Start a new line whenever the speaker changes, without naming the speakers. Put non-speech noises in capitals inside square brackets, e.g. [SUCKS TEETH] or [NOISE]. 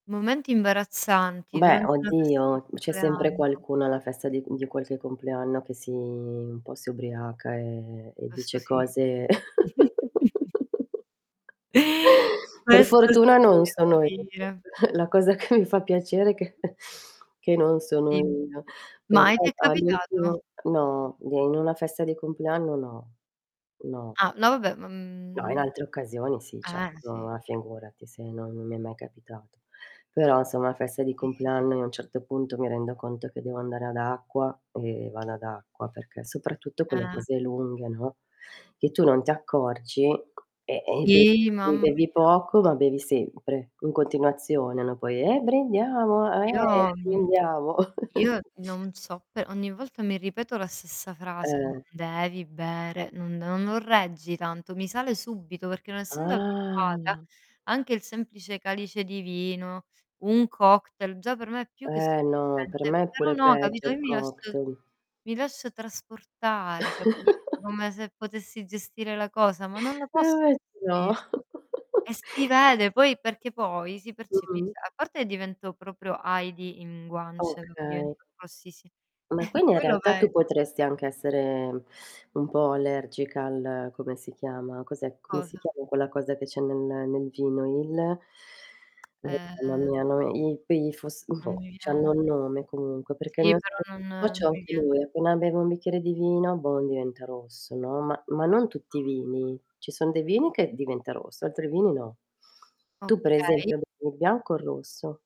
Momenti imbarazzanti
Beh,
durante una festa di
oddio, c'è sempre
compleanno.
qualcuno alla festa di di qualche compleanno che si un po' si ubriaca e e
Questo
dice
sì.
cose
[CHUCKLES]
[LAUGHS]
[INHALES]
Per
Questo
fortuna
sì,
non
devo
sono io.
dire.
[CHUCKLES] La cosa che mi fa piacere è che [CHUCKLES] che non sono
Sì.
io. Però
Ma e ti è capitato?
all'ultimo No, d in una festa di compleanno no. No.
Ah. No, vabbè, ma,
No in
mhmm
altre occasioni, sì, certo.
Eh. Sì.
Ah, figurati, se non non mi è mai capitato. Però, se è una festa di
Sì.
compleanno, io a un certo punto mi rendo conto che devo andare ad acqua, e vado ad acqua, perché soprattutto con le
Ah.
cose lunghe, no, che tu non ti accorgi, e e be
Sì,
e
mamma
bevi
mia.
poco, ma bevi sempre, in continuazione, no, poi: "Eh, brindiamo!
Io
Eh,
mhmm, [CLICKS TONGUE]
brindiamo."
io
[CHUCKLES]
non so, pe ogni volta mi ripeto la stessa frase: "Non
Eh.
devi bere, non non non reggi tanto." Mi sale subito, perché non essendo abituata
Alla
anche il semplice calice di vino, un cocktail, già per me è più che
Eh, no, per
sufficiente.
me è
Però,
pure
no,
peggio
capito, io
il
mi lascio
cocktail.
mi lascio trasportare, capito, come
[LAUGHS]
se potessi gestire la cosa, ma non la
Eh
posso
va beh. No.
gestire. E
[CHUCKLES]
si vede, poi perché poi si
Mh-mh.
percepisc A parte divento proprio Heidi in guance, proprio
Okay.
divento rossissi
Ma
[CHUCKLES]
quindi, in
quello
realtà,
ve
tu potresti anche essere [SUCKS TEETH] un po' allergica al come si chiama, cos'è come si
Cosa?
chiama quella cosa che c'è nel nel vino? Il Oh mamma
Uhm
mia no i quei fosf
Non
oh,
mi
c'hanno
viene.
nome, comunque perché
Sì, pertò non non
[UNINTELLIGIBLE]
mi
anche
vie
lui, appena bevo un bicchiere di vino, bon, diventa rosso, no, ma ma non tutti i
No.
vini. Ci son dei vini che diventa rosso, altri vini no. Tu per
Okay.
esempio, bevi il bianco o il rosso?